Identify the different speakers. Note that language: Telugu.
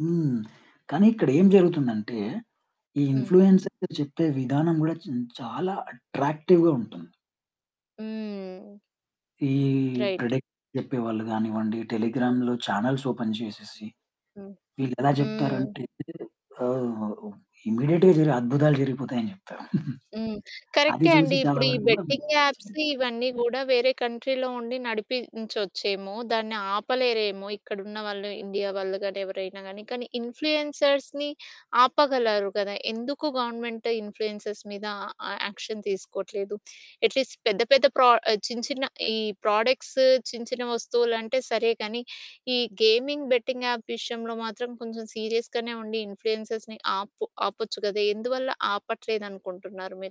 Speaker 1: హ్మ్. కానీ ఇక్కడ ఏం జరుగుతుందంటే ఈ
Speaker 2: హ్మ్.
Speaker 1: ఇన్‌ఫ్లుయెన్సర్లు చెప్పే విధానం గూడా చిన్ చాలా అట్రాక్టివ్‌గా ఉంటుంది.
Speaker 2: హ్మ్.
Speaker 1: ఈ
Speaker 2: రైట్.
Speaker 1: ప్రెడిక్షన్ జెప్పేవాళ్ళు గానివ్వండి,
Speaker 2: హ్మ్.
Speaker 1: టెలిగ్రామ్‌లో చానెల్స్ ఓపెన్ చేసేసి
Speaker 2: హ్మ్.
Speaker 1: వీళ్ళెలా
Speaker 2: హ్మ్.
Speaker 1: చెప్తారంటే ఆహ్, ఇమ్మీడియేట్‌గా జరి అద్భుతాలు జరిగిపోతాయి అని జెప్తారు.
Speaker 2: హ్మ్.
Speaker 1: అది
Speaker 2: కరె‌క్టే
Speaker 1: చూసి
Speaker 2: అండి.
Speaker 1: చాలా
Speaker 2: ఇప్పుడు ఈ
Speaker 1: వరకు గూడా
Speaker 2: బెట్టింగ్ యాప్స్ ఇవన్నీ గూడా వేరే కంట్రీ‌లో ఉండి నడిపించొచ్చేమో, దాన్ని ఆపలేరేమో ఇక్కడున్న వాళ్ళు ఇండియా వాళ్ళు గాని ఎవరైనా గాని. కానీ ఇన్‌ఫ్లుయెన్సర్స్‌ని ఆపగలరు కదా! ఎందుకు గవర్నమెంట్ ఇన్‌ఫ్లుయెన్సర్స్‌ మీద ఆ, ఆ యాక్షన్ తీసుకోవట్లేదు? ఎట్లీస్ట్ పెద్ద పెద్ద ప్రో ఆ చిన్న చిన్న ఈ ప్రాడక్ట్స్ చిన్న చిన్న వస్తువులు అంటే సరే గానీ. ఈ గేమింగ్ బెట్టింగ్ యాప్ విషయంలో మాత్రం కొంచెం సీరియస్‌గనే ఉండి ఇన్‌ఫ్లుయెన్సర్‌ని ఆపు ఆపొచ్చు గదా! ఎందువల్ల ఆపట్లేదు అనుకుంటున్నారు మీరు?